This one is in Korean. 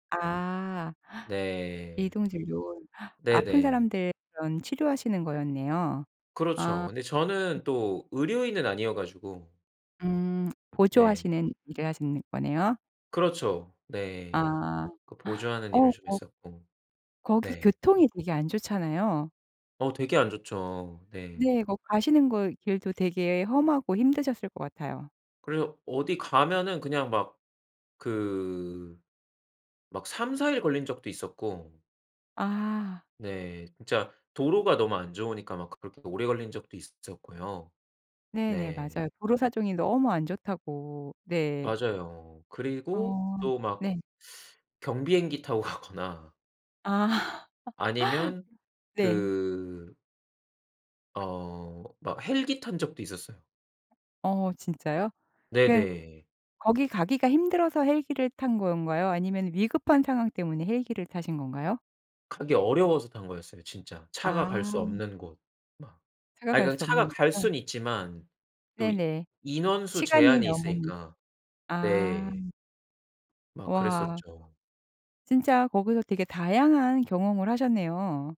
아. 네. 이동 진료. 아픈 네네. 사람들 그런 치료하시는 거였네요. 그렇죠. 아. 근데 저는 또 의료인은 아니어 가지고. 음. 네. 보조하시는 일을 하시는 거네요. 그렇죠. 네. 아. 그 보조하는 일을 좀 어어 했었고. 거기 네. 교통이 되게 안 좋잖아요. 어 되게 안 좋죠. 네. 네. 거 가시는 거 길도 되게 험하고 힘드셨을 것 같아요. 그래서 어디 가면은 그냥 막 그 막 3-4 일 걸린 적도 있었고 아. 네. 진짜 도로가 너무 안 좋으니까 막 그렇게 오래 걸린 적도 있었고요. 네네. 네. 맞아요. 도로 사정이 너무 안 좋다고. 네. 맞아요. 그리고 어. 또 막 네. 경비행기 타고 가거나 아. 아니면 네. 그 어 막 헬기 탄 적도 있었어요. 어 진짜요? 그러 네네. 거기 가기가 힘들어서 헬기를 탄 건가요? 아니면 위급한 상황 때문에 헬기를 타신 건가요? 가기 어려워서 탄 거였어요 진짜. 차가 갈 수 아. 없는 곳 막. 차가 아이 갈 그 수 차가 없는 갈 곳이요. 수는 있지만 또 네네. 인원수 시간이 제한이 너무 있으니까. 아. 네. 막 와. 그랬었죠. 진짜 거기서 되게 다양한 경험을 하셨네요.